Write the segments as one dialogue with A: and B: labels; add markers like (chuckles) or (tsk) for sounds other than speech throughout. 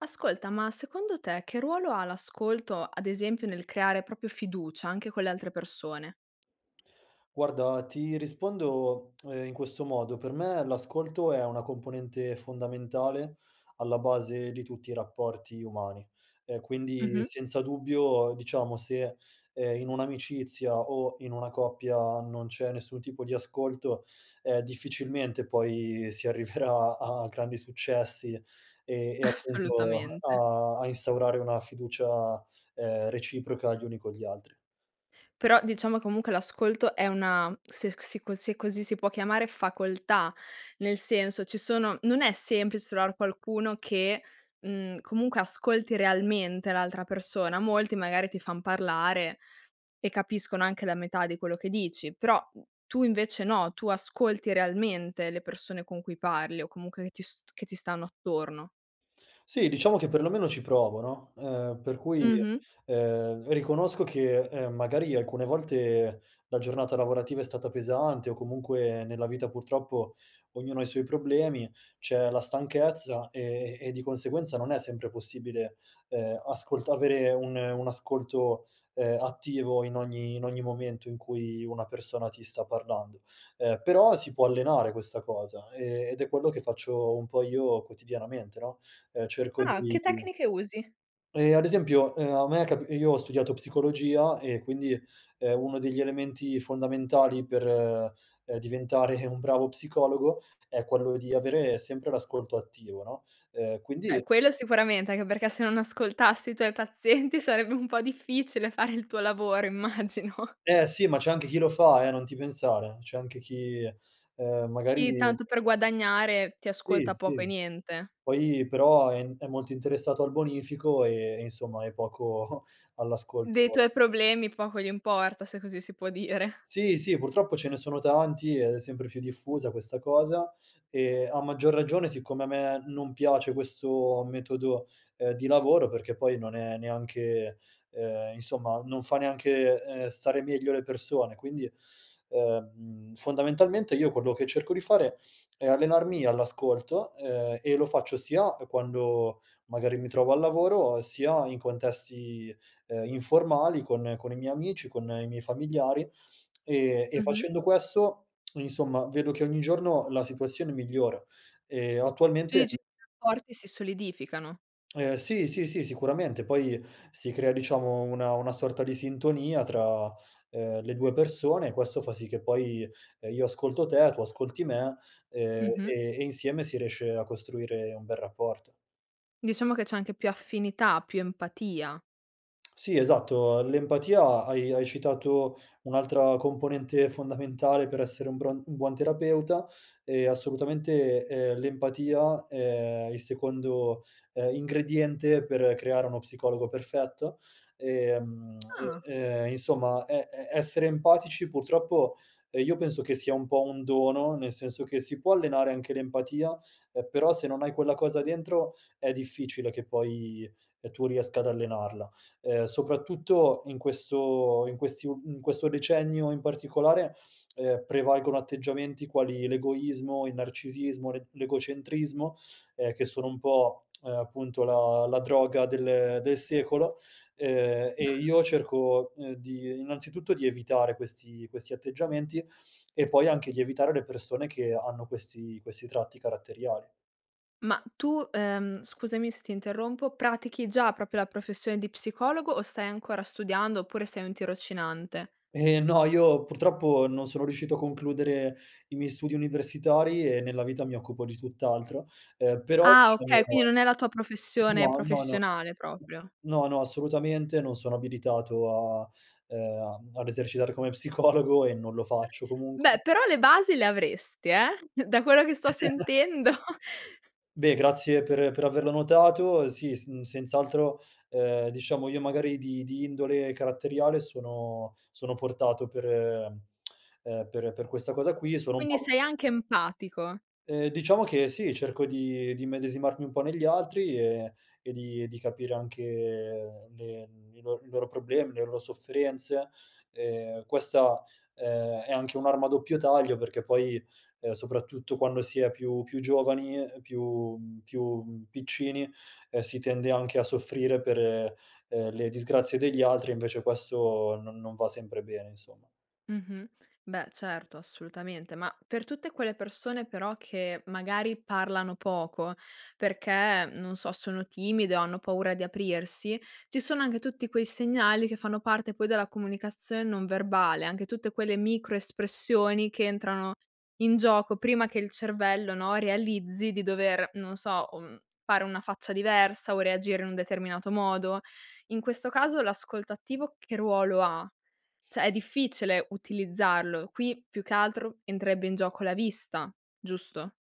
A: Ascolta ma, secondo te, che ruolo ha l'ascolto, ad esempio, nel creare proprio fiducia, anche con le altre persone?
B: Guarda, ti rispondo, (tsk) ehm, in questo modo: per me l'ascolto è una componente fondamentale alla base di tutti i rapporti umani. Ehm, quindi,
A: Mh-mh.
B: senza dubbio, diciamo se, ehm, in un'amicizia o in una coppia non c'è nessun tipo di ascolto, ehm, difficilmente poi si arriverà a grandi successi, e e appunto
A: Assolutamente.
B: a a instaurare una fiducia, ehm, reciproca gli uni con gli altri.
A: Però diciamo comunque l'ascolto è una se c se co se così si può chiamare, facoltà, nel senso, ci sono non è semplic trovar qualcuno che, mhmm, comunque ascolti realmente l'altra persona, molti magari ti fan parlare e capiscono anche la metà di quello che dici, però tu invece no, tu ascolti realmente le persone con cui parli o comunque che ti st che ti stanno attorno.
B: Sì, diciamo che perlomeno ci provo, no, ehm, per cui,
A: Mh-mh.
B: ehm, riconosco che, ehm, magari alcune volte la giornata lavorativa è stata pesante o comunque nella vita purtroppo ognuno ha i suoi problemi, c'è la stanchezza e e di conseguenza non è sempre possibile, ehm, ascolt avere un un ascolto, ehm, attivo in ogni in ogni momento in cui una persona ti sta parlando. Ehm, però si può allenare questa cosa, e ed è quello che faccio un po' io quotidianamente, no, ehm, cerco
A: Ah,
B: di
A: che
B: di
A: tecniche usi?
B: Ehm, ad esempio, ehm, a me è cap io ho studiato psicologia e quindi, ehm, uno degli elementi fondamentali per, ehm, diventare un bravo psicologo è quello di avere sempre l'ascolto attivo, no, ehm
A: Beh,
B: quindi
A: quello sicuramente, anche perché se non ascoltassi i tuoi pazienti sarebbe un po' difficile fare il tuo lavoro immagino.
B: Eh, sì. Ma c'è anche chi lo fa, eh, non ti pensare, c'è anche chi, ehm, magari
A: I tanto per guadagnare ti
B: Sì,
A: ascolta poco
B: sì.
A: e niente.
B: Poi però è n è molto interessato al bonifico e e insomma e poco (chuckles)
A: Dei
B: all'ascolto.
A: tuoi problemi poco gli importa, se così si può dire.
B: Sì, sì. Purtroppo ce ne sono tanti e è sempre più diffusa questa cosa, e a maggior ragione siccome a me non piace questo metodo, ehm, di lavoro perché poi non è neanche, ehm, insomma non fa neanche, ehm, stare meglio le persone quindi, ehm, fondamentalmente io quello che cerco di fare è allenarmi all'ascolto, ehm, e lo faccio sia, ehm, quando magari mi trovo al lavoro, sia in contesti, ehm, informali con con i miei amici, con i miei familiari. Ehm, e
A: Mh-mh.
B: facendo questo, (tsk) insomma, vedo che ogni giorno la situazione migliora. Ehm,
A: Tu
B: attualmente
A: dici porti si solidificano.
B: (tsk) Ehm, sì, sì, sì, sicuramente. Poi si crea, diciamo, una una sorta di sintonia tra, uhm, le 2 persone e questo fa sì che poi, ehm, io ascolto te, tu ascolti me, ehm,
A: Mh-mh.
B: e e insieme si riesce a costruire un bel rapporto.
A: Diciamo che c'è anche più affinità, più empatia.
B: (tsk) Sì esatto, l'empatia hai hai citato un'altra componente fondamentale per essere un buon un buon terapeuta, ehm, assolutamente, ehm, l'empatia è il secondo, ehm, ingrediente per creare uno psicologo perfetto. Ehm, (tsk)
A: Ah.
B: e, ehm, insomma e e essere empatici purtroppo, ehm, io penso che sia un po' un dono, nel senso che si può allenare anche l'empatia, ehm, però se non hai quella cosa dentro è difficile che poi, ehm, tu riesca ad allenarla. Ehm, soprattutto in questo in questi u in questo decennio in particolare, ehm, prevalgono atteggiamenti quali l'egoismo, il narcisismo, l'et l'egocentrismo, ehm, che sono un po', (tsk) uhm, appunto la la droga del del secolo, ehm, e
A: (exhales)
B: io cerco, ehm, di innanzitutto di evitare questi questi atteggiamenti e poi anche di evitare le persone che hanno questi questi tratti caratteriali.
A: Ma tu, ehm, scusami se ti interrompo, pratichi già proprio la professione di psicologo o stai ancora studiando, oppure sei un tirocinante?
B: Eh, no io purtroppo non sono riuscito a concludere i miei studi universitari e nella vita mi occupo di tutt'altro, ehm, però
A: Ah,
B: diciamo
A: okay, quindi non è la tua professione
B: no, no, no
A: professionale proprio.
B: no, no, assolutamente non sono abilitato a ehm, a mhmm, ad esercitare come psicologo e non lo faccio comunque.
A: Beh, però le basi le avresti, eh, da quello che sto
B: (chuckles)
A: sentendo. (chuckles)
B: Beh, grazie per per averlo notato, ehm, sì sn senz'altro, ehm, diciamo, io magari di di indole caratteriale sono sono portato per ehm, (tsk) ehm, per per questa cosa qui, sono un
A: Quindi
B: po'
A: sei anche empatico.
B: Ehm, diciamo che sì, cerco di di immedesimarmi un po' negli altri, e e di e di capire anche le n i lor i loro problemi, le lo sofferenze, ehm, questa, ehm, è anche un'arma a doppio taglio perché poi, ehm, soprattutto quando si è più più giovani, ehm, più mhmm, più, mhmm, piccini, ehm, si tende anche a soffrire per, ehm, le disgrazie degli altri e invece questo non non va sempre bene insomma.
A: Mh-mh. Beh, certo. Assolutamente. Ma per tutte quelle persone però che, magari, parlano poco perché, non so, sono timide o hanno paura di aprirsi, ci sono anche tutti quei segnali che fanno parte poi della comunicazion non verbale, anche tutte quelle microespressioni che entrano in gioco prima che il cervello, no, realizzi di dover, non so, o, mhmm, fare una faccia diversa o reagire in un determinato modo. In questo caso l'ascolto attivo che ruolo ha? Cioè è difficile utilizzarlo. Qui più che altro entrerebbe in gioco la vista, giusto?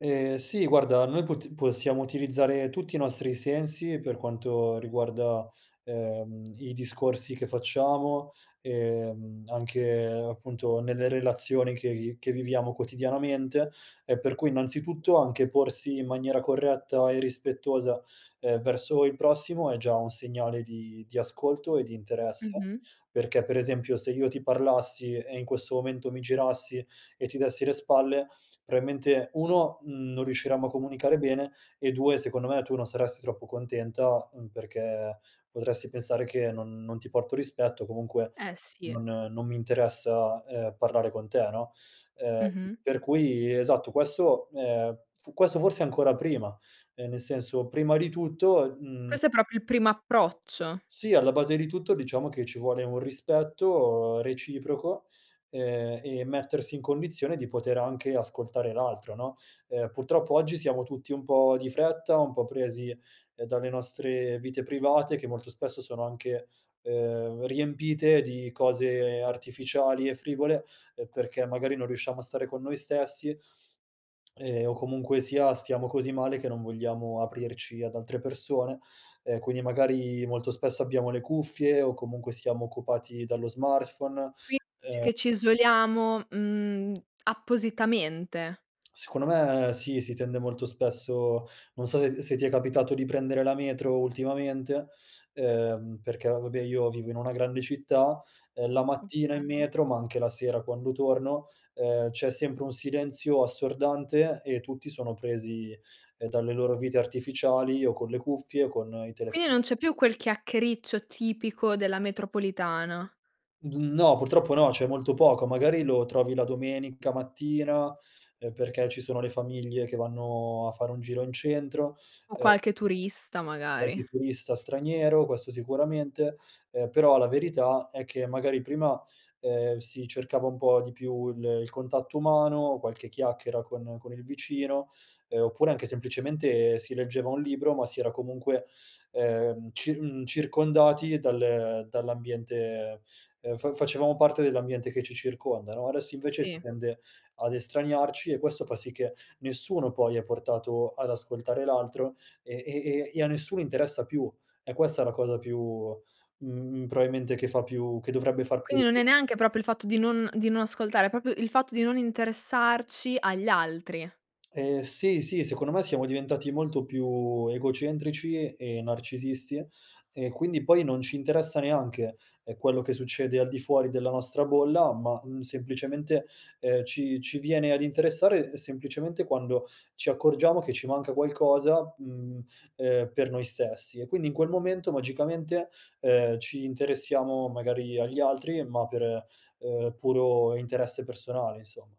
B: Ehm, sì guarda, noi pot possiamo utilizzare tutti i nostri sensi, per quanto riguarda, ehm, i discorsi che facciamo, ehm, anche appunto nelle relazioni che vi che viviamo quotidianamente, e per cui innanzitutto anche porsi in maniera corretta e rispettosa e verso il prossimo, è già un segnale di di ascolto e di interesse;
A: Mh-mh.
B: perché per esempio, se io ti parlassi e in questo momento mi girassi e ti dessi le spalle, probabilmente 1, uhm, non riusciremmo a comunicare bene, e 2 secondo me tu non saresti troppo contenta, uhm, perché potresti pensare che non non ti porto rispetto, o comunque
A: Eh si.
B: non non mi interessa ,ehm, parlare con te, no, ehm,
A: Mh-mh.
B: per cui esatto, questo, ehm, questo forse ancora prima, ehm, nel senso prima di tutto mhmm
A: Questo è proprio il primo approccio.
B: Sì, alla base di tutto diciamo che ci vuole un rispetto reciproco, ehm, e mettersi in condizione di poter anche ascoltare l'altro no, ehm, purtroppo oggi siamo tutti un po' di fretta, un po' presi dalle nostre vite private, che molto spesso sono anche, ehm, riempite di cose artificiali e frivole, perché magari non riusciamo a stare con noi stessi, (smacks lips) ehm, o comunque sia stiamo così male che non vogliamo aprirci ad altre persone e quindi magari molto spesso abbiamo le cuffie o comunque siamo occupati dallo smartphone,
A: Quindi dici
B: ehm
A: che ci isoliamo, mhmm, appositamente?
B: (tsk) Secondo me sì, si tende molto spesso non so se se ti è capitato di prendere la metro, ultimamente, ehm, perché vabbè, io vivo in una grande città, ehm, la mattina in
A: Okay.
B: metro, ma anche la sera quando torno, ehm, c'è sempre un silenzio assordante e tutti sono presi, ehm, dalle loro vite artificiali, o con le cuffie con i
A: Quindi non
B: telefonini.
A: c'è più quel chiacchiericcio tipico della metropolitana?
B: Uhm, no, purtroppo no, c'è molto poco, magari lo trovi la domenica mattina, uhm, perché ci sono le famiglie che vanno a fare un giro in centro
A: O qualche
B: ehm
A: turista
B: Qualche
A: magari.
B: turista straniero, questo sicuramente, ehm, però la verità, è che magari prima, ehm, si cercava un po' di più il il contatto umano, qualche chiacchiera con con il vicino, uhm, oppure anche semplicemente si leggeva un libro, ma si era comunque, ehm, cir mhmm, circondati dal, ehm, dall'ambiente, ehm, fa facevamo parte dell'ambiente che ci circonda no, adesso invece si
A: Si.
B: tende ad estraniarci e questo fa sì che nessuno poi è portato ad ascoltare l'altro, e e e a nessuno interessa più, è questa la cosa più, mhmm, probabilmente, che fa più che dovrebbe far più
A: Quindi, non è
B: (unintelligible)
A: neanche proprio il fatto di non di non ascoltare, è proprio il fatto di non interessarci agli altri.
B: Ehm, sì, sì secondo me siamo diventati molto più egocentrici e narcisisti e quindi poi non ci interessa neanche, ehm, quello che succede al di fuori della nostra bolla, ma, mhmm, semplicemente, ehm, ci ci viene ad interessare semplicemente quando ci accorgiamo che ci manca qualcosa, mhmm, ehm, per noi stessi; e quindi in quel momento magicamente, ehm, ci interessiamo magari agli altri, ma per, ehm, puro interesse personale, insomma.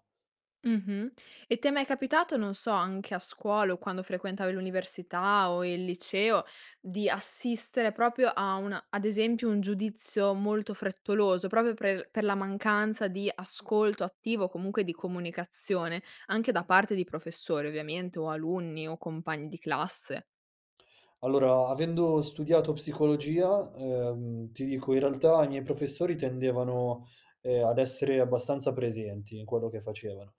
A: Mh-mh, e ti è mai capitato non so, anche a scuola, o quando frequentavi l'università, o il liceo di assistere proprio a una ad esempio un giudizio molto frettoloso, proprio pre l per la mancanza di ascolto attivo, comunque di comunicazione, anche da parte di professori ovviamente, o alunni, o compagni di classe?
B: Allora, avendo studiato psicologia, ehm, ti dico in realtà i miei professori tendevano, ehm, ad essere abbastanza presenti in quello che facevano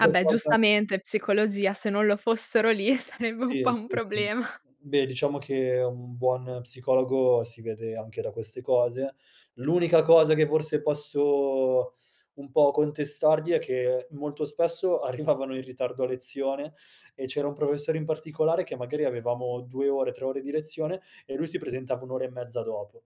A: Ah beh,
B: cosa
A: giustamente psicologia se non lo fossero lì, sarebbe un
B: Sì,
A: po' un
B: sì, sì.
A: problema. (chuckles)
B: Beh diciamo che un buon psicologo si vede anche da queste cose, l'unica cosa che forse posso un po' contestargli, è che molto spesso arrivavano in ritardo a lezione, e c'era un professore in particolare che magari avevamo 2 ore 3 ore di lezione e lui si presentava un'ora e mezza dopo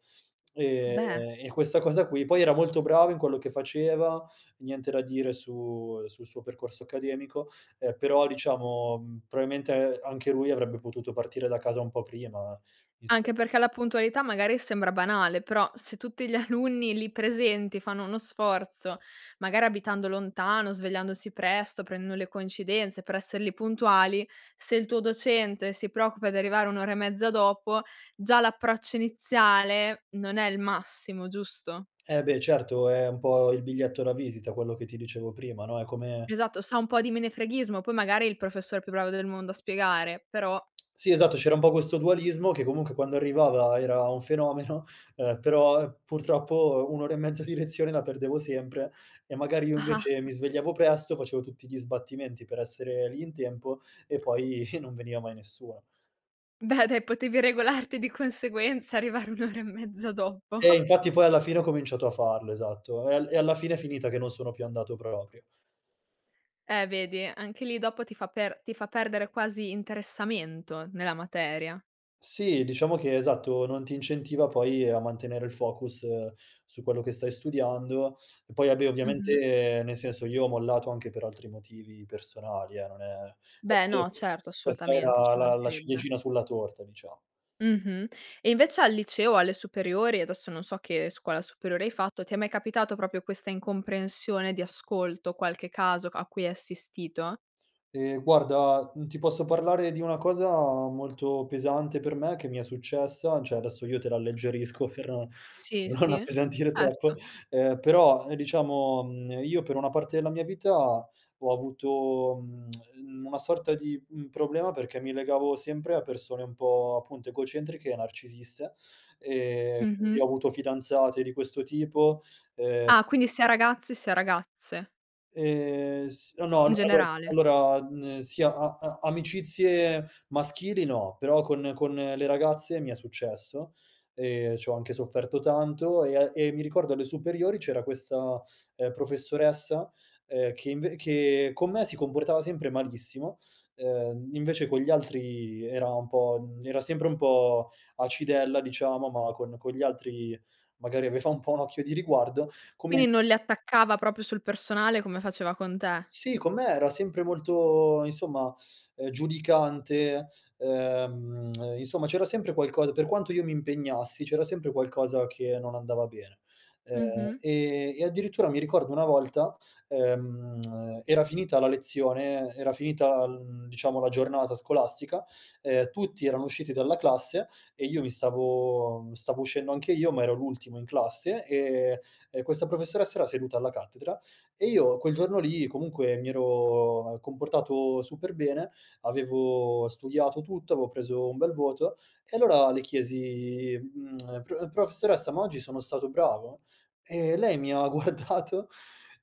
B: e
A: Beh.
B: e questa cosa qui poi era molto bravo in quello che faceva, niente da dire su sul suo percorso accademico, eh però diciamo, mhmm, probabilmente anche lui avrebbe potuto partire da casa un po' prima visto
A: Anche perché la puntualità magari sembra banale, però se tutti gli alunni lì presenti fanno uno sforzo, magari abitando lontano svegliandosi presto, prendendo le coincidenze per esser lì puntuali, se il tuo docente si preoccupa di arrivare un'ora e mezza dopo, già l'approccio iniziale non è il massimo giusto?
B: Eh beh certo, è un po' il biglietto da visita quello che ti dicevo prima no, è come
A: Esatto, sa un po' di menefreghismo, poi magari è il professore più bravo del mondo a spiegare, però.
B: Sì esatto, c'era un po' questo dualismo: che comunque quando arrivava era un fenomeno, ehm, però purtroppo un'ora e mezza di lezione la perdevo sempre, e magari io invece
A: (chuckles)
B: mi svegliavo presto, facevo tutti gli sbattimenti per essere lì in tempo (chuckles) e poi non veniva mai nessuno.
A: Beh dai potevi regolarti di conseguenza, arrivare un'ora e mezzo dopo.
B: Eh
A: (chuckles)
B: infatti poi alla fine ho cominciato a farlo esatto, e al alla fine è finita che non sono più andato proprio.
A: Eh vedi, anche lì dopo ti fa per ti fa perdere quasi interessamento nella materia.
B: Sì, diciamo che esatto, non ti incentiva poi a mantenere il focus su quello che stai studiando, e poi, vabbè
A: Mh-mh.
B: ovviamente, nel senso, io ho mollato anche per altri motivi personali eh, non è
A: Beh no
B: (unintelligible)
A: certo
B: questa
A: assolutamente,
B: era
A: ci
B: la la
A: mancherebbe.
B: ciliegina sulla torta dicia
A: Mh-mh. E invece al liceo, alle superiori, adesso non so che scuola superiore hai fatto, ti è mai capitato proprio questa incomprensione di ascolto, qualche caso c a cui hai assistito?
B: Ehm guarda, mhmm, ti posso parlare di una cosa molto pesante per me che mi è successa, cioè adesso io te l'alleggerisco, per non
A: Sì,
B: per non
A: sì,
B: appesantire troppo
A: certo.
B: eh però diciamo, ehm, io per una parte della mia vita ho avuto, mhmm, (clicks tongue) una sorta di, uhm, problema perché mi legavo sempre a persone un po' appunto egocentriche e narcisiste, ehm quindi ho
A: Mh-mh.
B: avuto fidanzate di questo tipo ehm
A: Ah, quindi sia ragazzi sia ragazze.
B: Ehm s no, no allo
A: Generale.
B: allora, mhmm, sia a a amicizie maschili no, però con con le ragazze mi è successo, e c'ho anche sofferto tanto e a e mi ricordo alle superiori c'era questa, ehm, professoressa, ehm, che inv che con me si comportava sempre malissimo, ehm, invece con gli altri era un po' era sempre un po' acidella diciamo, ma con con gli altri magari aveva un po' un occhio di riguardo con me
A: Quindi non le attaccava proprio sul personale come faceva con te.
B: Sì, con me era sempre molto insomma, ehm, giudicante, ehm insomma, c'era sempre qualcosa per quanto io mi impegnassi, c'era sempre qualcosa che non andava bene, ehm,
A: Mh-mh.
B: e e addirittura mi ricordo una volta ehm, (clicks tongue) era finita la lezione era finita, uhm, diciamo la giornata scolastica ehm, tutti erano usciti dalla classe e io mi stavo stavo uscendo anche io, ma ero l'ultimo in classe e e questa professoressa era seduta alla cattedra, e io quel giorno lì comunque mi ero comportato super bene, avevo studiato tutto avevo preso un bel voto e allora le chiesi, mhmm: (clicks tongue) "Pro professoressa ma oggi sono stato bravo?" E lei mi ha guardato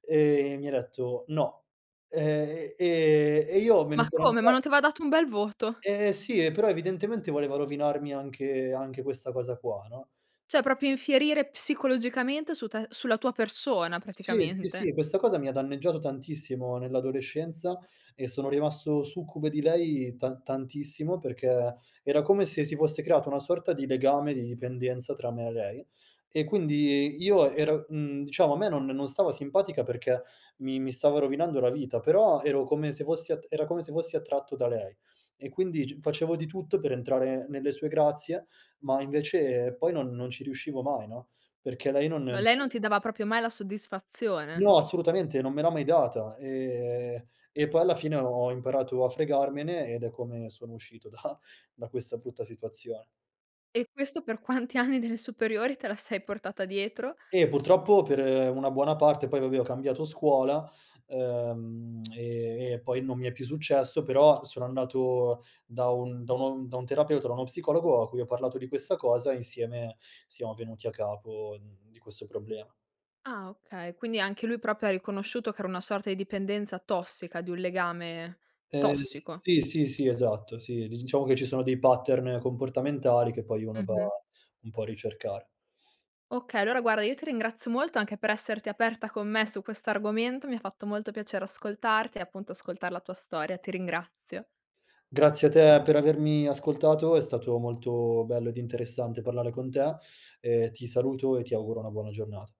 B: e mi ha detto: "No." Ehm, e e io me ne
A: Ma
B: sono
A: come, ma
B: andat
A: non t' aveva dato un bel voto?
B: Eh sì, e però evidentemente voleva rovinarmi anche anche questa cosa qua no?
A: Cioè proprio infierire psicologicamente su te sulla tua persona
B: Sì, sì,
A: praticamente.
B: sì questa cosa mi ha danneggiato tantissimo nell'adolescenza, e sono rimasto succube di lei tan tantissimo, perché era come se si fosse creato una sorta di legame, di dipendenza tra me e lei; e quindi io ero mhmm, diciamo a me non non stava simpatica perché mi mi stava rovinando la vita, però ero come se fossi attr era come se fossi attratto da lei e quindi g facevo di tutto per entrare nelle sue grazie, ma invece poi non non ci riuscivo mai no, perché lei non.
A: Ma lei non
B: (unintelligible)
A: ti dava proprio mai la soddisfazione?
B: No assolutamente, non me l'ha mai data, e e poi alla fine ho imparato a fregarmene, ed è come sono uscito da da questa brutta situazione.
A: E questo per quanti anni delle superiori te la sei portata dietro?
B: Eh, purtroppo per una buona parte, poi vabbè ho cambiato scuola, ehm, (clicks tongue) e e poi non mi è più successo, però sono andato da un da un da un terapeuta, da uno psicologo, a cui ho parlato di questa cosa e insieme siamo venuti a capo di questo problema.
A: Ah okay, quindi anche lui proprio ha riconosciuto che era una sorta di dipendenza tossica, di un legame
B: Ehm
A: tossico.
B: sì, sì, sì esatto, sì diciamo che ci sono dei pattern comportamentali, che poi uno va
A: Mh-mh.
B: un po' a ricercare.
A: Okay, allora guarda io ti ringrazio molto, anche per esserti aperta con me su questo argomento, mi ha fatto molto piacere ascoltarti e appunto ascoltare la tua storia ti ringrazio.
B: Grazie a te per avermi ascoltato, è stato molto bello ed interessante parlare con te, ehm, ti saluto e ti auguro una buona giornata.